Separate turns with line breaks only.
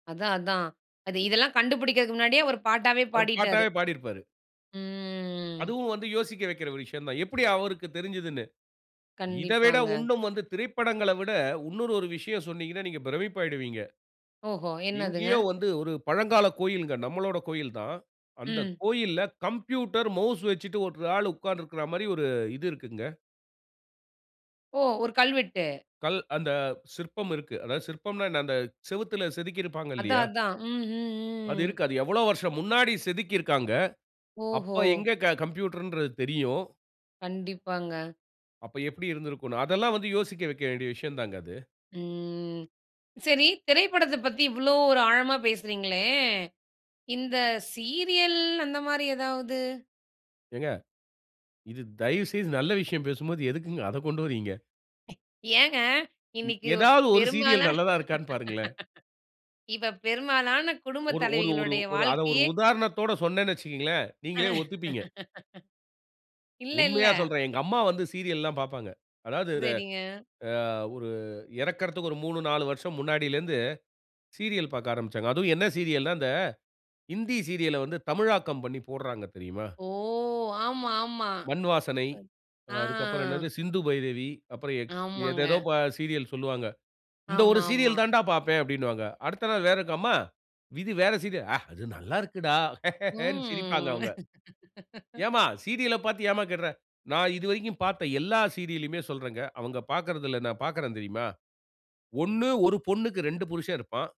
அதான், அதான் அது இதெல்லாம் கண்டுபிடிக்குறதுக்கு முன்னாடியே அவரு பாட்டாவே,
அவரு
பாடிட்டாரு.
பாட்டாகவே, பாடியிருப்பாரு.
ம்.
அதுவும் வந்து யோசிக்க வைக்குற ஒரு விஷயம் தான், எப்படி அவருக்குத் தெரிஞ்சிதுனு. இத விட
கண்டிப்பாங்க.
இன்னும் வந்து திரைப்படங்கள்ல விட இன்னொரு ஒரு விஷயம் சொன்னீங்கன்னா, நீங்க பிரமிப்பாகிவிடுவீங்க.
ஓஹோ! என்னதுங்க?
எங்கேயோ வந்து ஒரு பழங்கால கோயில் நம்பளோட கோயில்தான். அந்த
ம்.
கோயில்ல கம்ப்யூட்டர் மவுஸ் வச்சிட்டு ஒரு ஆள் உட்கார்ந்து இருக்குற மாரி ஒரு இது இருக்குங்க.
ஓ! ஒரு கல்வெட்டு.
கல் அந்த சிற்பம் இருக்கு. அதாவது சிற்பம்ன்னா, என்ன அந்த சுவர்ற்றில் செதுக்கியிருப்பாங்க
அதான்,
இல்லயா.
அதான்,
அது
ம்.
இருக்கு. அது எவ்வளவு வருஷம் முன்னாடி செதுக்கி இருக்காங்க
ஓஹோ!
அப்போ எங்க கம்ப்யூட்டர்ங்குறது தெரியும்?
கண்டிப்பாங்க.
அப்போ எப்படி இருந்துருக்கும்னு, அதெல்லாம் வந்து யோசிக்க வைக்க வேண்டிய விஷயம்தாங்க அது.
ம், சரி, திரைப்படத்த பத்தி இவ்ளோ ஒரு ஆழமா பேசுகிறீங்களே, இந்த சீரியல் அந்த மாதிரி ஏதாவது?
ஏங்க? இது தயவுசெய்து நல்ல விஷயம் பேசும்போது எதுக்குங்க அதக் கொண்டு வர்றீங்க.
ஏங்க? இன்னைக்கு
ஏதாவது ஒரு சீரியல்
பெரும்பாலான,
நல்லதா இருக்கான்னு பாருங்களேன்.
இப்ப பெரும்பாலான குடும்ப
ஒரு ஒரு
தலைவிகளுடைய
ஒரு அத ஒரு
வாழ்க்கையே
உதாரணத்தோடு சொன்னேன்னு வச்சிக்கொள்ளுங்களேன், நீங்களே ஒத்துப்பீங்க.
இல்ல இல்ல.
உண்மையா சொல்லுறேன். "எங்க அம்மா வந்து சீரியல் எல்லாம் பார்ப்பாங்க." அதாவது
சரிங்க.
அ ஒரு இறக்குறதற்கு ஒரு 3,4 மூணு, நாலு வருசம் முன்னாடியில இருந்து சீரியல் பார்க்க ஆரமிச்சாங்க. அதுவும் என்ன சீரியல்ன்னா? ஹிந்தி சீரியல்ல வந்து தமிழாக்கம் பண்ணி போடுறாங்க தெரியுமா?
ஓ! ஆமா, ஆமா
மண் வாசனை,
ஆ.
அதுக்கப்புறம் என்னது சிந்து பைரவி, அப்புறம் ஏதேதோ
ஆமாங்க.
சீரியல் சொல்வாங்க. இந்த ஒரு
ஆமா, ஆமா.
சீரியல் தான்டா பார்ப்பேன் அப்டீன்னுவாங்க. அடுத்த நாள் வேறக்கா அம்மா விதி வேற சீரியல் அது நல்லா இருக்குடா. ஹஹேனு சிரிப்பாங்க
ம்.
அவங்க. ஏன்ம்மா சீரியல்ல பாத்து ஏன்ம்மா கேடுற. நான் இதுவரைக்கும் பாத்த எல்லா சீரியல்லுமே சொல்லுறேங்க. அவங்க பாக்குறதில்ல நான் பாக்குறேன் தெரியுமா? ஒண்ணு 1 பொண்ணுக்கு 2 புருஷன் இருப்பான்.